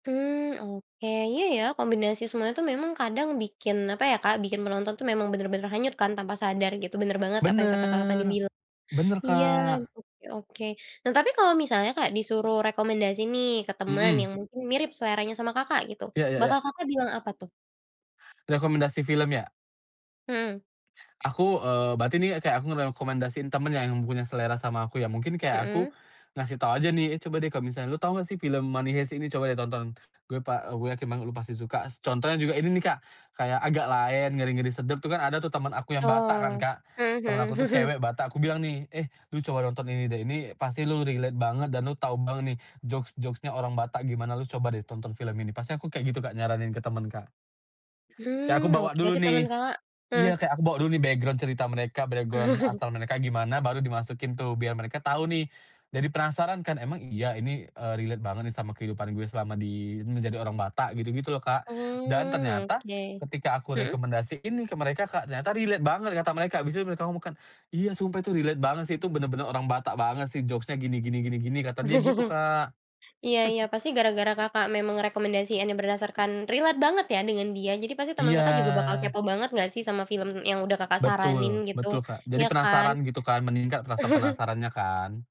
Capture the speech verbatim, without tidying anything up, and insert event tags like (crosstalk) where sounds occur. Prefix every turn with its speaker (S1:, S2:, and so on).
S1: Mmm, oke iya ya kombinasi semua itu memang kadang bikin apa ya Kak, bikin penonton itu memang bener-bener hanyut kan tanpa sadar gitu, bener banget apa yang kata Kakak tadi
S2: Bener,
S1: bilang.
S2: bener
S1: Iya,
S2: Kak.
S1: oke oke, nah tapi kalau misalnya Kak disuruh rekomendasi nih ke teman
S2: Mhm.
S1: yang mungkin mirip seleranya sama Kakak gitu,
S2: Iya iya iya.
S1: bakal Kakak bilang apa tuh?
S2: Rekomendasi film ya?
S1: Mhm.
S2: Aku, eee, berarti ini kayak aku ngerekomendasiin temen yang punya selera sama aku ya, mungkin kayak aku,
S1: Mhm.
S2: ngasih tau aja nih, "Eh, coba deh kalo misalnya lu tau gak sih film Money Heist ini? Coba deh tonton, gue pa eee, gue yakin banget lu pasti suka," contohnya juga ini nih Kak, kayak Agak Laen, Ngeri-Ngeri Sedap tuh kan ada tuh temen aku yang Batak kan
S1: Oh,
S2: Kak,
S1: mhm
S2: temen
S1: mhm.
S2: aku tuh
S1: (chuckles)
S2: cewek Batak aku bilang nih, "Eh, lu coba nonton ini deh ini pasti lu relate banget dan lu tau banget nih jokes-jokes-nya orang Batak gimana lu coba deh tonton film ini," pasti aku kayak gitu Kak nyaranin ke temen Kak. Kayak aku
S1: Mmm, oke
S2: bawa dulu
S1: ngasih
S2: nih.
S1: temen Kakak heeh.
S2: Iya kayak aku bawa dulu nih background cerita mereka bregon
S1: (chuckles)
S2: asal mereka gimana baru dimasukin tuh biar mereka tau nih, jadi penasaran kan, "Emang iya ini, eee, relate banget nih sama kehidupan gue selama di menjadi orang Batak?" gitu-gitu loh Kak dan
S1: Oh
S2: ternyata,
S1: oke,
S2: ketika aku
S1: mhm.
S2: rekomendasiin nih ke mereka Kak, ternyata relate banget kata mereka, habis itu mereka ngomong kan, "Iya sumpah itu relate banget sih itu bener-bener orang Batak banget sih jokes-nya gini gini gini gini," kata dia gitu
S1: (chuckles)
S2: Kak.
S1: Iya iya
S2: (chuckles)
S1: pasti gara-gara Kakak memang rekomendasiinnya berdasarkan relate banget ya dengan dia jadi pasti temen Kakak juga bakal
S2: Iya.
S1: kepo banget gak sih sama film yang udah Kakak saranin
S2: Betul,
S1: gitu,
S2: betul Kak kadi
S1: iya kan.
S2: penasaran gitu kan meningkat rasa
S1: (chuckles)
S2: penasarannya kan.